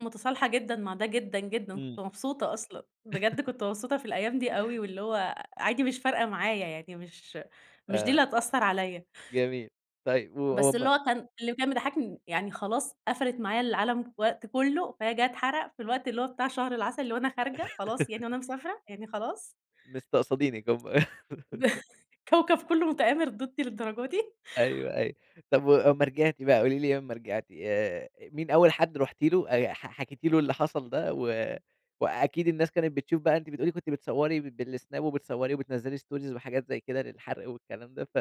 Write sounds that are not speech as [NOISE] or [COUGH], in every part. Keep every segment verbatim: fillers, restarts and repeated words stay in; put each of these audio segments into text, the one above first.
مُتَصالحة جدًا مع ده جدًا، جدًا، كنت إمم. مبسوطة أصلًا. بجد [LAUGHS] كنت مبسوطة في الأيام دي أوي واللي هو عادي مش فارقة معايا. يعني مش مش دي اللي أ هتأثّر عليَّ. جميل. طيب، بس اللي وهُم هو كان اللي كان مضحّكني يعني خلاص قفَلِت معايا العالم وقت كُلّه، فهي جاية أتحرق في الوقت اللي هو بتاع شهر العسل اللي هو أنا خارجة، خلاص يعني وأنا [LAUGHS] مسافرة يعني خلاص. مستقصدينِك هم. [LAUGHS] [CHUCKLES] الكوكب كُلّه متآمر ضدّي للدرجة دي. أيوه، أيوه. طب وأمّا رجعتِ بقى، قولي لي لمّا رجعتِ، آآ مين أول حد رُحتِ له أي ح حكيتِ له اللي حصل ده و وأكيد الناس كانت بتشوف بقى أنتِ بتقولي كنتِ بتصوّري بالسناب وبتصوّري وبتنزّلي stories وحاجات زي كده للحَرْق والكلام ده ف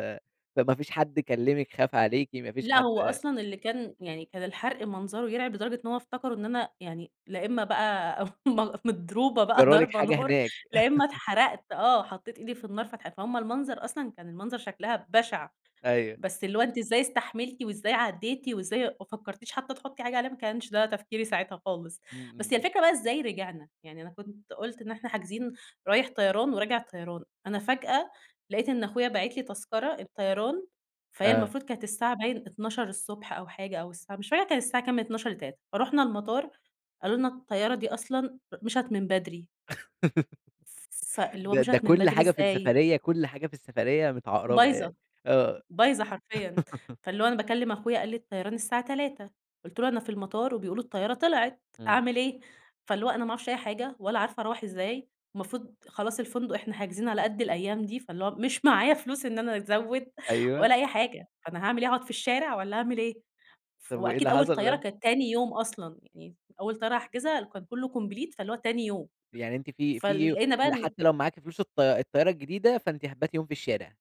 فما فيش حد كلّمِك خاف عليكِ، ما فيش لأ، حد هو أصلًا اللي كان يعني كان الحَرْق منظره يرعب لدرجة إن هو افتكره إن أنا يعني لا إمّا بقى م مضروبة بقى جرى لك ضربة حاجة نار، هناك. لا إمّا [LAUGHS] اتحرقت آه. حطّيت إيدي في النار فتح، فهُم المنظر أصلًا كان المنظر شكلها بَشِع، أيوه. بس اللي هو أنتِ إزاي استحملتي وإزاي عدّيتي وإزاي ما فكّرتيش حتّى تحُطّي حاجة عليه؟ ما كانش ده تفكيري ساعتها خالص. إمم، إمم، بس هي إمم. الفكرة بقى إزاي رجعنا؟ يعني أنا كنت قُلت إن إحنا حاجزين رايح طيران وراجع طيران. أنا فجأة لقيت إن أخويا باعت لي تذكرة الطيران، فهي آه. المفروض كانت الساعة باين اتناشر الصبح أو حاجة أو الساعة مش فاكرة كان الساعة كام من اتناشر لت فرُحنا المطار قالوا لنا: "الطيارة دي أصلًا مِشَت من بدري.". ف س [LAUGHS] اللي هو ده ده مِشَت من كل بدري حاجة في إزاي؟ السفرية، كل حاجة في السفرية مِتعقربة يعني. بايظة. آه. بايظة حرفيًا. [LAUGHS] فاللي هو أنا باكلّم أخويا قال لي: "الطيران الساعة تلاتة." قُلت له: "أنا في المطار وبيقولوا الطيارة طلعت، إمم. أعمل إيه؟" فاللي هو أنا معرفش أي حاجة ولا عارفة أروَّح إزاي. المفروض خلاص الفندق إحنا حاجزين على قد الأيام دي، فاللي هو مش معايا فلوس إن أنا أزوِّد أيوه. ولا أي حاجة، فأنا هاعمل إيه؟ هاقعد في الشارع والّا أعمل إيه؟ ف طب وإيه وأكيد اللي أول طيارة حصل؟ كانت تاني يوم أصلًا. يعني أول طيارة أحجزها كان كُلّه complete، فاللي هو تاني يوم. يعني أنتِ في في فلقينا بقى ل إن حتّى لو معاكِ فلوس الط الطيارة الجديدة، فأنتِ هتباتي يوم في الشارع.